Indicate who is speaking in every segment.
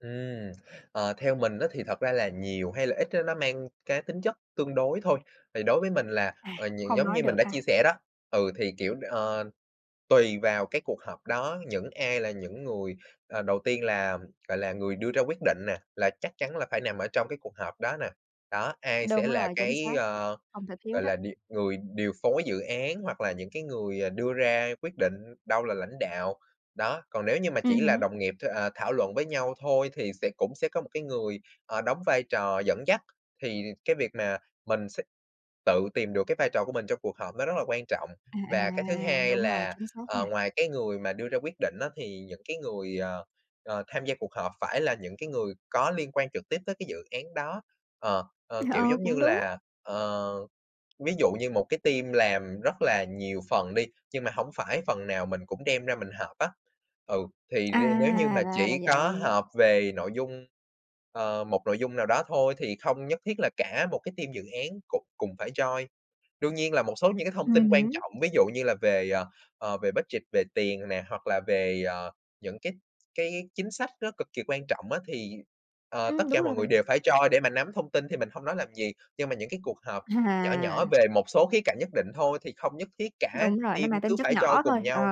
Speaker 1: Ừm. Ờ, theo mình á thì thật ra là nhiều hay là ít á, nó mang cái tính chất tương đối thôi. Thì đối với mình là,
Speaker 2: À,
Speaker 1: ờ, nh
Speaker 2: không
Speaker 1: giống
Speaker 2: nói
Speaker 1: như mình
Speaker 2: được
Speaker 1: đã
Speaker 2: ha.
Speaker 1: chia sẻ đó ừ, thì kiểu, ờ, tùy vào cái cuộc họp đó, những ai là những người ờ, đầu tiên là gọi là, người đưa ra quyết định nè, là chắc chắn là phải nằm ở trong cái cuộc họp đó nè. Đó, ai sẽ
Speaker 2: Đúng
Speaker 1: là
Speaker 2: rồi, chính
Speaker 1: cái,
Speaker 2: xác,
Speaker 1: ờ,
Speaker 2: không thể thiếu
Speaker 1: gọi
Speaker 2: đó.
Speaker 1: là, điều người điều phối dự án hoặc là những cái người đưa ra quyết định đâu là lãnh đạo, đó. Còn nếu như mà
Speaker 2: Ừm
Speaker 1: chỉ là
Speaker 2: hứm.
Speaker 1: đồng nghiệp th à, thảo luận với nhau thôi thì sẽ cũng sẽ có một cái người, ờ, đóng vai trò dẫn dắt. Thì cái việc mà mình sẽ tự tìm được cái vai trò của mình trong cuộc họp nó rất là quan trọng.
Speaker 2: À,
Speaker 1: Và cái thứ
Speaker 2: à,
Speaker 1: hai
Speaker 2: đúng rồi,
Speaker 1: là,
Speaker 2: chính xác
Speaker 1: ờ,
Speaker 2: nha.
Speaker 1: ngoài cái người mà đưa ra quyết định á thì những cái người, ờ, ờ, tham gia cuộc họp phải là những cái người có liên quan trực tiếp tới cái dự án đó. Ờ, ờ,
Speaker 2: Ừm,
Speaker 1: kiểu
Speaker 2: ờ,
Speaker 1: giống
Speaker 2: cũng
Speaker 1: như
Speaker 2: đúng.
Speaker 1: là, ờ, ví dụ như một cái team làm rất là nhiều phần đi nhưng mà hổng phải phần nào mình cũng đem ra mình họp á. Ừ, thì
Speaker 2: À,
Speaker 1: r nếu như mà
Speaker 2: ra là
Speaker 1: chỉ có
Speaker 2: vậy.
Speaker 1: họp về nội dung, ờ, một nội dung nào đó thôi thì không nhất thiết là cả một cái team dự án cũng cùng phải join. Đương nhiên là một số những cái thông tin
Speaker 2: Ừm
Speaker 1: quan
Speaker 2: hứm.
Speaker 1: trọng, ví dụ như là về, ờ, ờ, về budget, về tiền nè hoặc là về, ờ, những cái cái chính sách nó cực kỳ quan trọng á thì, ờ, tất
Speaker 2: Ừm,
Speaker 1: cả
Speaker 2: đúng
Speaker 1: mọi
Speaker 2: rồi
Speaker 1: người
Speaker 2: bạn.
Speaker 1: đều phải join để mà nắm thông tin thì mình không nói làm gì. Nhưng mà những cái cuộc họp nhỏ nhỏ
Speaker 2: À.
Speaker 1: về một số khía cạnh nhất định thôi thì không nhất thiết cả
Speaker 2: Đúng rồi, nó
Speaker 1: team
Speaker 2: mang
Speaker 1: cứ
Speaker 2: tính chất
Speaker 1: phải join
Speaker 2: nhỏ
Speaker 1: cùng
Speaker 2: thôi. Ờ,
Speaker 1: nhau.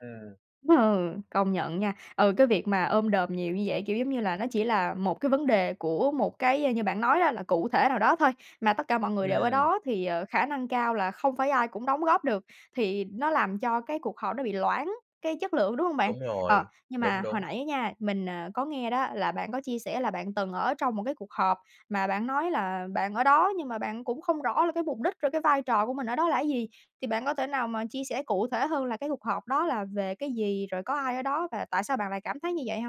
Speaker 1: Ừm.
Speaker 2: ừ, công nhận nha. Ừ, cái việc mà ôm đồm nhiều như vậy, kiểu, giống như là, nó chỉ là một cái vấn đề của một cái như bạn nói đó, là cụ thể nào đó thôi. Mà tất cả mọi người đều ở
Speaker 1: Ừm.
Speaker 2: đó thì, ờ, khả năng cao là không phải ai cũng đóng góp được, thì nó làm cho cái cuộc họp nó bị loãng cái chất lượng, đúng hông bạn?
Speaker 1: Đúng
Speaker 2: Ờ,
Speaker 1: rồi.
Speaker 2: nhưng
Speaker 1: Đúng,
Speaker 2: mà hồi
Speaker 1: đúng.
Speaker 2: nãy á nha, mình, ờ, có nghe đó là bạn có chia sẻ là bạn từng ở trong một cái cuộc họp mà bạn nói là bạn ở đó nhưng mà bạn cũng không rõ là cái mục đích rồi cái vai trò của mình ở đó là cái gì, thì bạn có thể nào mà chia sẻ cụ thể hơn là cái cuộc họp đó là về cái gì, rồi có ai ở đó và tại sao bạn lại cảm thấy như vậy hông?